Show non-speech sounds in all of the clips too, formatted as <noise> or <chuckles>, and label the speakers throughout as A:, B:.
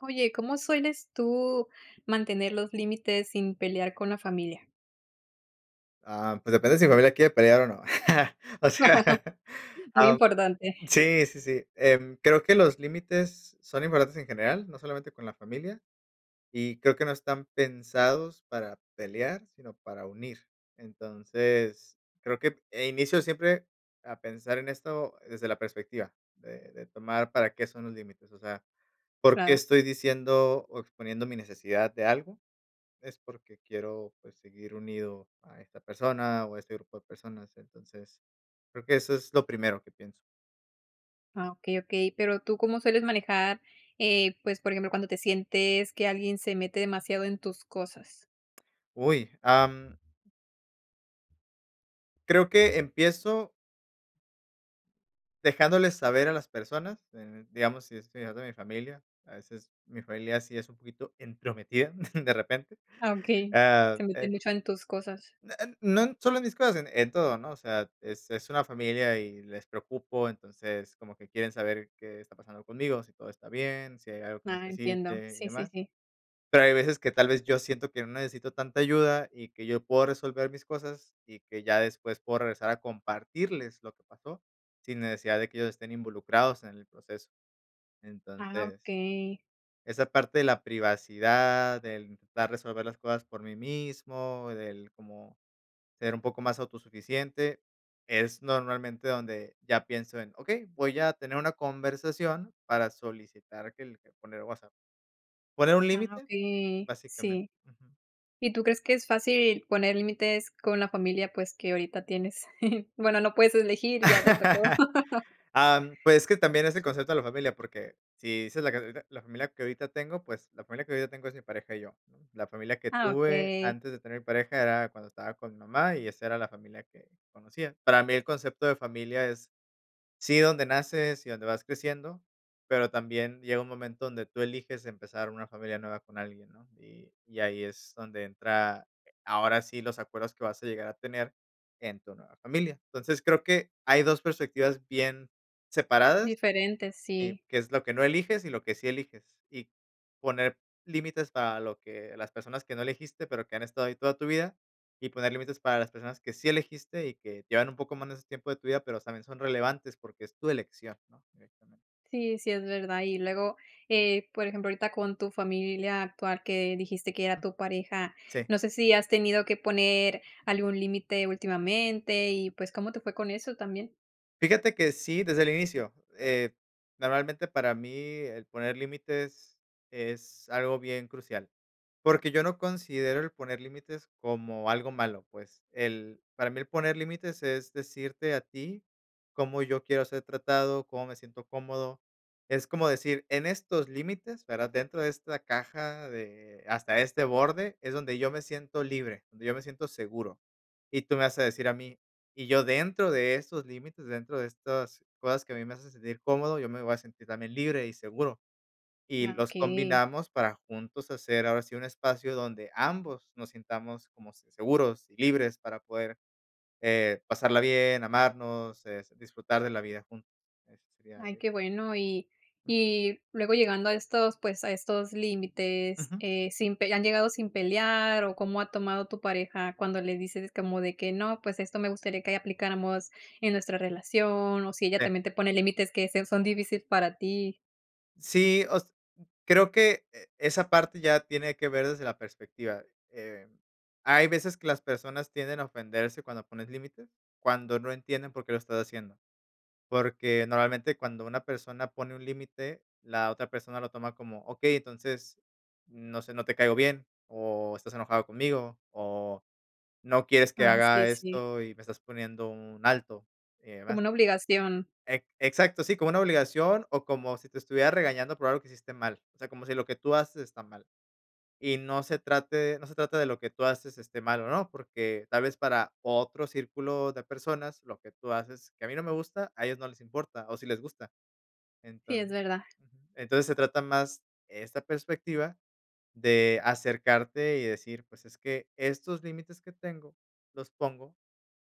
A: Oye, ¿cómo sueles tú mantener los límites sin pelear con la familia?
B: Ah, pues depende si mi familia quiere pelear o no. O sea,
A: <laughs> Muy
B: ah,
A: importante.
B: sí, sí, sí. Em, creo que los límites son importantes en general, no solamente con la familia, y creo que no están pensados para pelear, sino para unir. Entonces, creo que en inicio siempre a pensar en esto desde la perspectiva de de tomar para qué son los límites, o sea, por qué
A: Claro.
B: estoy diciendo o exponiendo mi necesidad de algo, es porque quiero, pues, seguir unido a esta persona o a este grupo de personas. Entonces, creo que eso es lo primero que pienso.
A: Ah, okey, okey, pero, ¿tú cómo sueles manejar, eh, pues, por ejemplo, cuando te sientes que alguien se mete demasiado en tus cosas?
B: ¡Uy! Am. Creo que empiezo dejándoles saber a las personas, d digamos, si estoy hablando de mi familia, a veces mi familia sí es un poquito entrometida <giggles> de repente,
A: Ah, okey,
B: ah,
A: se
B: eh.
A: meten mucho en tus cosas.
B: No, eh, no solo en mis cosas, en todo, ¿no?, o sea, es es una familia y les preocupo. Entonces, como que quieren saber qué está pasando conmigo, si todo está bien, si hay algo que
A: Ah, entiendo.
B: necesite y
A: Sí, sí,
B: demás.
A: sí.
B: Pero hay veces que tal vez yo siento que no necesito tanta ayuda y que yo puedo resolver mis cosas, y que ya después puedo regresar a compartirles lo que pasó, sin necesidad de que ellos estén involucrados en el proceso.
A: Ah,
B: Entonces
A: okey.
B: esa parte de la privacidad, del intentar resolver las cosas por mí mismo, del cómo ser un poco más autosuficiente, es normalmente donde ya pienso en, okey, voy a tener una conversación para solicitar que el que poner, <unintelligible> ¿poner un
A: Ajá,
B: límite?,
A: okey,
B: básicamente,
A: sí,
B: ujú.
A: ¿y tú crees que es fácil poner límites con la familia, pues, que ahorita tienes?, <chuckles> bueno, no puedes elegir, ya te tocó. <laughs>
B: <laughs> Am, pues que también es el concepto de la familia, porque si dices la que ahori la familia que ahorita tengo, pues la familia que ahorita tengo es mi pareja y yo. La familia que
A: Ah,
B: tuve
A: okey.
B: antes de tener pareja era cuando estaba con mi mamá y esa era la familia que conocía. Para mí el concepto de familia es, sí, donde naces y donde vas creciendo, pero también llega un momento donde tú eliges empezar una familia nueva con alguien, ¿no?, y y ahí es donde entra, eh, ahora sí los acuerdos que vas a llegar a tener en tu nueva familia. Entonces, creo que hay 2 perspectivas bien separadas,
A: Diferente,
B: eh,
A: sí.
B: que es lo que no eliges y lo que sí eliges, y poner límites para lo que las personas que no elegiste, pero que han estado ahí toda tu vida, y poner límites para las personas que sí elegiste y que llevan un poco más en ese tiempo de tu vida, pero también son relevantes porque es tu elección, ¿no?, directamente.
A: Sí, sí, es verdad. Y luego, eh, por ejemplo, ahorita con tu familia actual, que dijiste que era
B: Mm.
A: tu pareja,
B: Sí.
A: no sé si has tenido que poner algún límite últimamente y, pues, ¿cómo te fue con eso también?
B: Fíjate que sí, desde el inicio. Eh, normalmente, para mí, el poner límites es algo bien crucial, porque yo no considero el poner límites como algo malo, pues, el para mí, el poner límites es decirte a ti cómo yo quiero ser tratado, cómo me siento cómodo. Es como decir, en estos límites, ¿verdad?, dentro de esta caja de hasta este borde es donde yo me siento libre, donde yo me siento seguro. Y tú me vas a decir a mí, y yo dentro de esos límites, dentro de estas cosas que a mí me hacen sentir cómodo, yo me voy a sentir también libre y seguro. Y
A: Ah,
B: los
A: okey.
B: combinamos para juntos hacer, ahora sí, un espacio donde ambos nos sintamos como se seguros y libres para poder, eh, pasarla bien, amarnos, eh, s disfrutar de la vida juntos. Eso sería
A: Ay,
B: de
A: qué bueno. Y y luego llegando a estos, pues, a estos límites,
B: Ujú.
A: eh, sin pe ¿y han llegado sin pelear o cómo ha tomado tu pareja cuando le dices como de que no, pues, esto me gustaría que ahí aplicáramos en nuestra relación, o si ella
B: Sí.
A: también te pone límites que sea son difícil para ti?
B: Sí, o s creo que e esa parte ya tiene que ver desde la perspectiva. Eh, hay veces que las personas tienden a ofenderse cuando pones límites, cuando no entienden por qué lo estás haciendo, porque normalmente, cuando una persona pone un límite, la otra persona lo toma como, okey, entonces, no sé, no te caigo bien, o estás enojado conmigo, o no quieres que
A: Ah, sí,
B: haga
A: sí.
B: esto y me estás poniendo un alto, y demás.
A: Como una obligación.
B: E exacto, sí, como una obligación, o como si te estuviera regañando por algo que hiciste mal. O sea, como si lo que tú haces está mal. Y no se trate no se trata de lo que tú haces esté mal o no, porque tal vez para otro círculo de personas, lo que tú haces, que a mí no me gusta, a ellos no les importa, o sí les gusta.
A: Sí,
B: Entonc
A: es verdad.
B: ujú, entonces, se trata más esta perspectiva de acercarte y decir: "Es que, estos límites que tengo los pongo,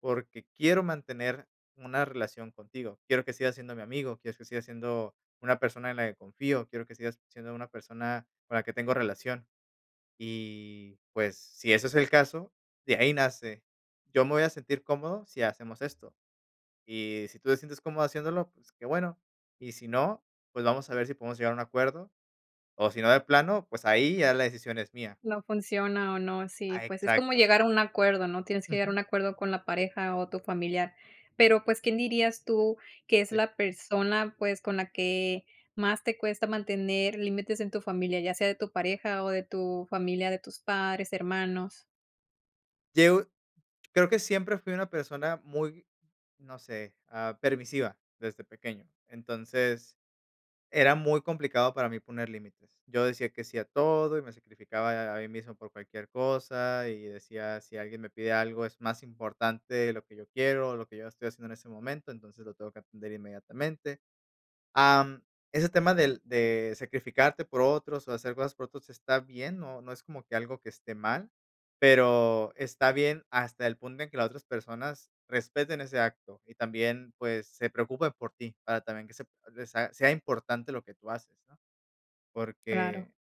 B: porque quiero mantener una relación contigo. Quiero que sigas siendo mi amigo, quiero que sigas siendo una persona en la que confío, quiero que sigas siendo una persona con la que tengo relación". Y, pues, si ese es el caso, de ahí nace. Yo me voy a sentir cómodo si hacemos esto. Y si tú te sientes cómodo haciéndolo, pues, qué bueno. Y si no, pues, vamos a ver si podemos llegar a un acuerdo, o si no de plano, pues, ahí ya la decisión es mía.
A: No funciona o no. Sí,
B: A
A: pues, es como
B: exacto.
A: llegar a un acuerdo, ¿no?, tienes que llegar a
B: Ujú.
A: un acuerdo con la pareja o tu familiar. Pero, pues, ¿quién dirías tú que es
B: E
A: la persona, pues, con la que más te cuesta mantener límites en tu familia, ya sea de tu pareja o de tu familia, de tus padres, hermanos?
B: Yo creo que siempre fui una persona muy no sé, ah, permisiva desde pequeño. Entonces, era muy complicado para mí poner límites. Yo decía que sí a todo, y me sacrificaba a ahí mismo por cualquier cosa, y decía: "Si alguien me pide algo, es más importante de lo que yo quiero, o de lo que yo estoy haciendo en ese momento, entonces lo tengo que atender inmediatamente." Am, ese tema del de sacrificarte por otros o hacer cosas por otros está bien, no no es como que algo que esté mal, pero está bien hasta el punto en que las otras personas respeten ese acto, y también, pues, se preocupen por ti, para también que se de sa sea importante lo que tú haces, ¿no?
A: Claro.
B: Porque,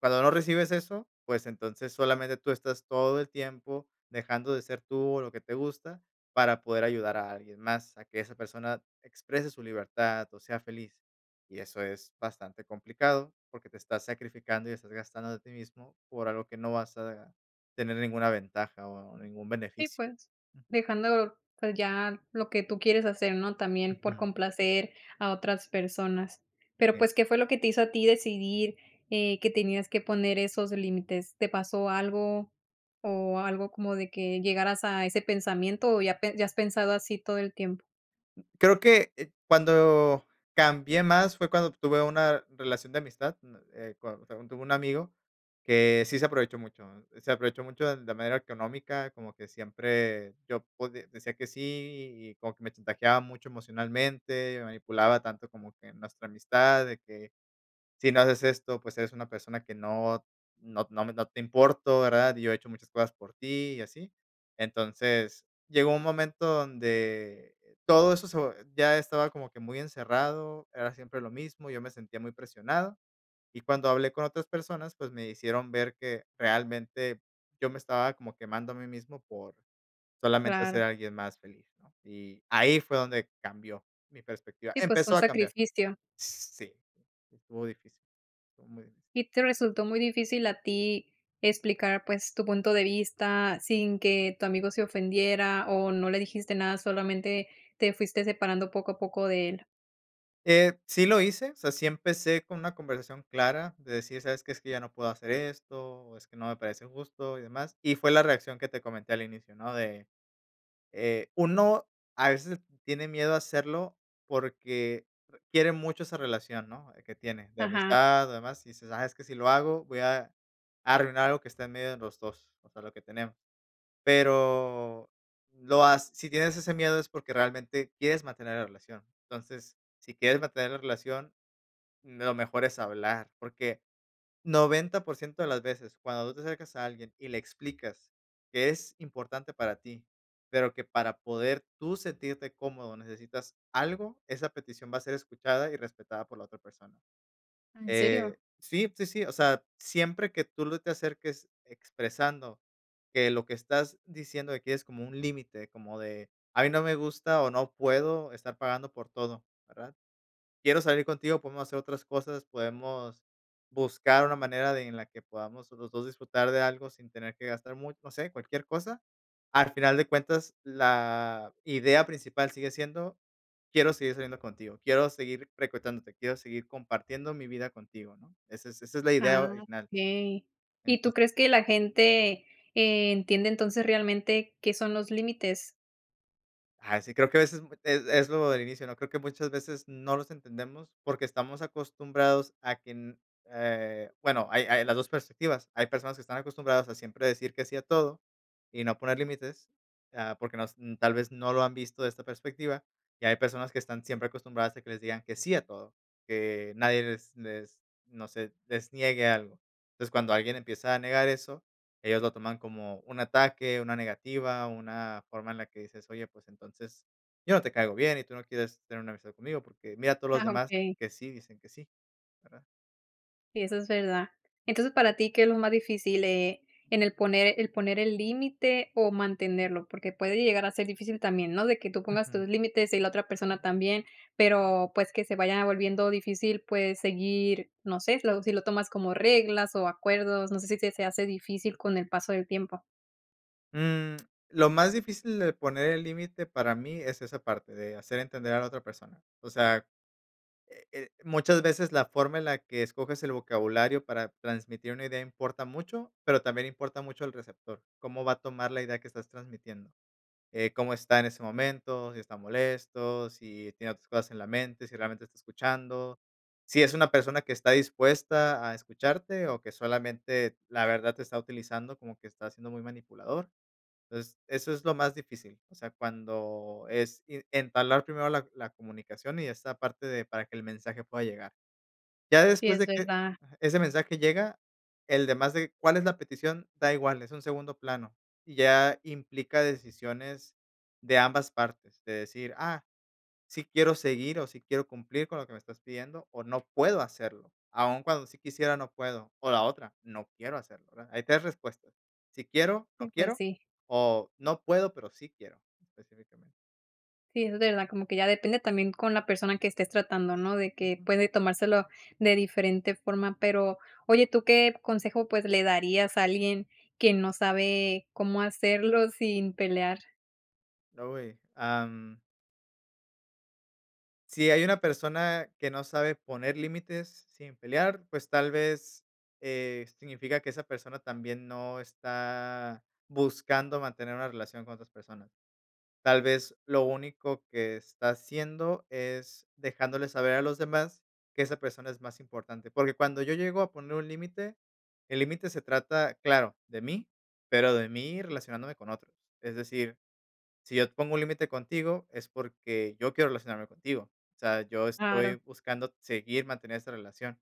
B: cuando no recibes eso, pues, entonces, solamente tú estás todo el tiempo dejando de ser tú, o lo que te gusta, para poder ayudar a alguien más, a que esa persona exprese su libertad o sea feliz. Y eso es bastante complicado, porque te estás sacrificando, y estás gastando de ti mismo, por algo que no vas a tener ninguna ventaja o ningún
A: Sí,
B: beneficio.
A: pues, dejando, pues ya lo que tú quieres hacer, ¿no?, también por
B: Ujú.
A: complacer a otras personas. Pero,
B: Sí.
A: pues, ¿qué fue lo que te hizo a ti decidir, eh, que tenías que poner esos límites? ¿Te pasó algo? ¿O algo como de que llegaras a ese pensamiento, o ya pe ya has pensado así todo el tiempo?
B: Creo que, eh, cuando cambié más fue cuando tuve una relación de amistad, uh, eh, cuand tuve un amigo, que sí se aprovechó mucho, ¿eh? Se aprovechó mucho, de de manera económica, como que siempre yo podi decía que sí y y como que me chantajeaba mucho emocionalmente, me manipulaba tanto como que nuestra amistad, de que: "Si no haces esto, pues eres una persona que no no no no te importo, ¿verdad? Y yo he hecho muchas cosas por ti", y así. Entonces, llegó un momento donde todo eso se vo ya estaba como que muy encerrado, era siempre lo mismo, yo me sentía muy presionado. Y cuando hablé con otras personas, pues me hicieron ver que realmente yo me estaba como quemando a mí mismo por solamente ser
A: Claro.
B: alguien más feliz, ¿no? Y ahí fue donde cambió mi perspectiva.
A: Sí, pues un
B: Empezó a cambiar.
A: sacrificio.
B: Sí, estuvo difícil. Estuvo muy difícil.
A: ¿Y te resultó muy difícil a ti explicar, pues, tu punto de vista sin que tu amigo se ofendiera o no le dijiste nada, solamente te fuiste separando poco a poco de él?
B: Eh, sí lo hice, o sea, sí empecé con una conversación clara, de decir: "¿Sabes qué? Es que ya no puedo hacer esto o es que no me parece justo y demás". Y fue la reacción que te comenté al inicio, ¿no? De, eh, uno a veces tiene miedo a hacerlo porque, eh, quiere mucho esa relación, ¿no? Que tiene de
A: Ajá.
B: amistad, demás, y dices: “Ah, es que si lo hago, voy a arruinar algo que está en medio de los 2, o sea, lo que tenemos”. Pero lo ha si tienes ese miedo es porque realmente quieres mantener la relación. Entonces, si quieres mantener la relación, mm, lo mejor es hablar, porque 90% de las veces, cuando tú te acercas a alguien y le explicas que es importante para ti, pero que para poder tú sentirte cómodo necesitas algo, esa petición va a ser escuchada y respetada por la otra persona,
A: Ah, ¿en serio?
B: eh, sí, sí, sí, o sea, siempre que tú lo te acerques expresando que lo que estás diciendo de aquí es como un límite, como de: "A mí no me gusta o no puedo estar pagando por todo, ¿verdad? Quiero salir contigo, podemos hacer otras cosas, podemos buscar una manera de en la que podamos los 2 disfrutar de algo sin tener que gastar mucho". No sé, cualquier cosa. Al final de cuentas, la idea principal sigue siendo, quiero seguir saliendo contigo, quiero seguir frecuentándote, quiero seguir compartiendo mi vida contigo, ¿no? Esa es esa es la idea
A: Ah,
B: original.
A: okey. ¿Y tú
B: Entonces
A: crees que la gente, e entiende entonces realmente qué son los límites?
B: Ah sí, creo que a veces es es lo del inicio, ¿no? Creo que muchas veces no nos entendemos, porque estamos acostumbrados a que en eh, bueno, hay hay las dos perspectivas. Hay personas que están acostumbradas a siempre decir que sí a todo, y no poner límites, ah, porque nos, tal vez no lo han visto de esta perspectiva, y hay personas que están siempre acostumbradas a que les digan que sí a todo, que nadie les les, no sé, les niegue algo. Entonces, cuando alguien empieza a negar eso, ellos lo toman como un ataque, una negativa, una forma en la que dices: "Oye, pues, entonces, yo no te caigo bien y tú no quieres tener una amistad conmigo, porque mira, todos los
A: Ah,
B: demás
A: okey.
B: que sí dicen que sí, ¿verdad?".
A: Sí, eso es verdad. Entonces, para ti, ¿qué es lo más difícil eh, en el poner el poner el límite o mantenerlo? Porque puede llegar a ser difícil también, ¿no? De que tú pongas
B: Ujú.
A: tus límites y la otra persona también, pero, pues, que se vaya volviendo difícil, puedes seguir, no sé, lo sí lo tomas como reglas o acuerdos, no sé si se se hace difícil con el paso del tiempo.
B: Mm, lo más difícil de poner el límite para mí es esa parte, de hacer entender a la otra persona. O sea, eh eh, muchas veces la forma en la que escoges el vocabulario para transmitir una idea importa mucho, pero también importa mucho el receptor, ¿cómo va a tomar la idea que estás transmitiendo? Eh, ¿cómo está en ese momento? Si está molesto, si tiene otras cosas en la mente, si realmente está escuchando. Si es una persona que está dispuesta a escucharte o que solamente, la verdad, te está utilizando, como que está siendo muy manipulador. Es eso es lo más difícil. O sea, cuando es i en entablar primero la la comunicación y esta parte de para que el mensaje pueda llegar. Ya
A: Sí,
B: después
A: es
B: de que
A: verdad.
B: ajá, ese mensaje llega, el demás de cuál es la petición da igual, es un segundo plano. Y ya implica decisiones de ambas partes, de decir, ah, sí quiero seguir o sí quiero cumplir con lo que me estás pidiendo o no puedo hacerlo. Aún cuando sí quisiera, no puedo. O la otra, no quiero hacerlo, ¿verdad? Hay tres respuestas. Sí quiero, no
A: Sí, pues
B: quiero
A: sí.
B: o no puedo, pero sí quiero específicamente.
A: Sí, es verdad, como que ya depende también con la persona que estés tratando, ¿no? De que
B: Ujú.
A: puede tomárselo de diferente forma, pero, oye ¿tú qué consejo, pues, le darías a alguien que no sabe cómo hacerlo sin pelear?
B: No, y am Si hay una persona que no sabe poner límites sin pelear, pues tal vez, eh, significa que esa persona también no está buscando mantener una relación con otras personas. Tal vez, lo único que está haciendo es dejándole saber a los demás que esa persona es más importante. Porque cuando yo llego a poner un límite, el límite se trata, claro, de mí, pero de mí relacionándome con otros. Es decir, si yo pongo un límite contigo es porque yo quiero relacionarme contigo. O sea, yo
A: Claro.
B: estoy buscando seguir, mantener esa relación.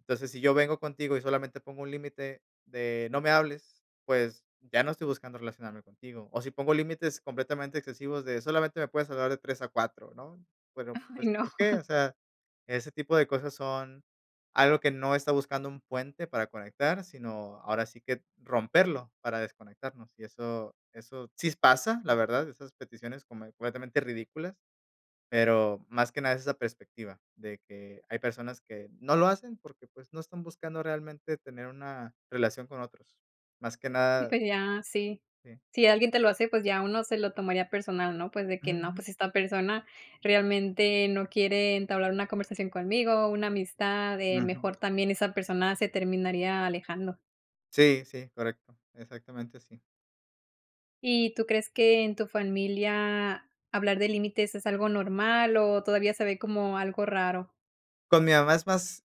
B: Entonces, si yo vengo contigo y solamente pongo un límite de: "No me hables", pues, ya no estoy buscando relacionarme contigo. O si pongo límites completamente excesivos de: "Solamente me puedes hablar de 3 a 4", ¿no? Bueno
A: Ay,
B: pues,
A: no.
B: ¿por qué? O sea, ese tipo de cosas son algo que no está buscando un puente para conectar, sino ahora sí que romperlo para desconectarnos. Y eso eso sí pasa, la verdad, esas peticiones como completamente ridículas, pero más que nada es esa perspectiva de que hay personas que no lo hacen porque, pues, no están buscando realmente tener una relación con otros. Más que
A: Sí
B: nada
A: pues ya, sí.
B: Sí.
A: Si alguien te lo hace, pues ya uno se lo tomaría personal, ¿no? Pues de que no,
B: Ujú.
A: pues esta persona realmente no quiere entablar una conversación conmigo, una amistad, eh,
B: Ujú.
A: mejor también esa persona se terminaría alejando.
B: Sí, sí, correcto. Exactamente así.
A: ¿Y tú crees que en tu familia hablar de límites es algo normal o todavía se ve como algo raro?
B: Con mi mamá es más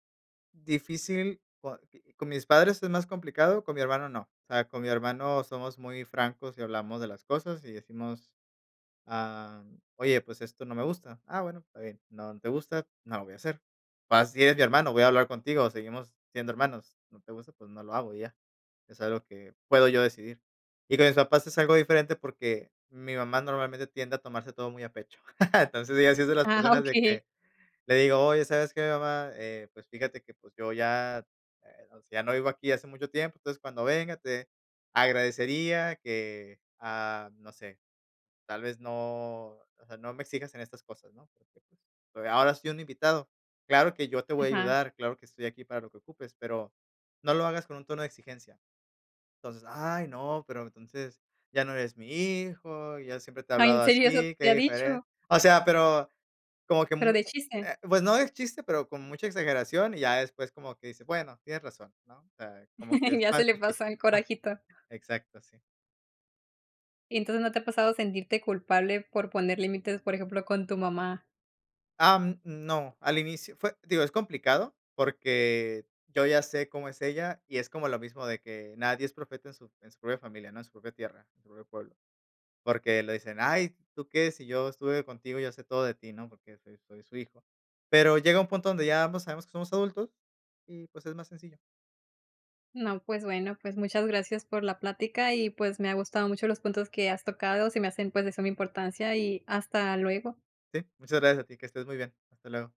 B: difícil, cua que con mis padres es más complicado, con mi hermano no. O sea, con mi hermano somos muy francos y hablamos de las cosas y decimos: ah, mm, "Oye, pues esto no me gusta. Ah, bueno, está bien, no, no te gusta, no lo voy a hacer". Pero así es mi hermano, voy a hablar contigo, seguimos siendo hermanos. No te gusta, pues no lo hago y ya. Es algo que puedo yo decidir. Y con mis papás es algo diferente porque, mi mamá normalmente tiende a tomarse todo muy a pecho, <laughs> entonces, ella sí es de las
A: Ah,
B: personas de
A: okey.
B: que le digo: "Oye, ¿sabes qué mamá? Eh, pues fíjate que pues yo ya, eh, o sea, ya no vivo aquí hace mucho tiempo. Entonces, cuando venga, te agradecería que, ah, no sé, tal vez no, o sea, no me exijas en estas cosas, ¿no?, porque, pues, ahora soy un invitado. Claro que yo te voy a
A: Ajá.
B: ayudar, claro que estoy aquí para lo que ocupes, pero, no lo hagas con un tono de exigencia". Entonces: "Ay, no, pero entonces, ya no eres mi hijo, yo siempre te he
A: Ay, ¿en
B: hablado
A: serio, eso
B: así, qué
A: te ha
B: diferen".
A: dicho?
B: O sea, pero como que,
A: Pero,
B: mu
A: ¿de chiste?
B: eh, pues no de chiste, pero con mucha exageración y ya después como que dice: "Bueno, tienes razón", ¿no?, o sea, como que
A: <laughs>
B: es
A: Ya se
B: más
A: le pasa
B: difícil.
A: el
B: ¡Ah!,
A: corajito.
B: exacto, sí.
A: Y entonces, ¿no te ha pasado sentirte culpable por poner límites, por ejemplo con tu mamá?
B: Ah, mm, no, al inicio fue digo, es complicado porque yo ya sé cómo es ella, y es como lo mismo de que nadie es profeta en su en su propia familia, ¿no?, en su propia tierra,. <unintelligible> Porque le dicen: "Ay, ¿tú qué?, si yo estuve contigo, yo sé todo de ti", ¿no?, porque soy soy su hijo, pero llega un punto donde ya ambos sabemos que somos adultos y, pues, es más sencillo.
A: No, pues bueno, pues, muchas gracias por la plática, y pues, me ha gustado mucho los puntos que has tocado, se me hacen pues, de suma importancia, y hasta luego.
B: Sí. Muchas gracias a ti, que estés muy bien. Hasta luego.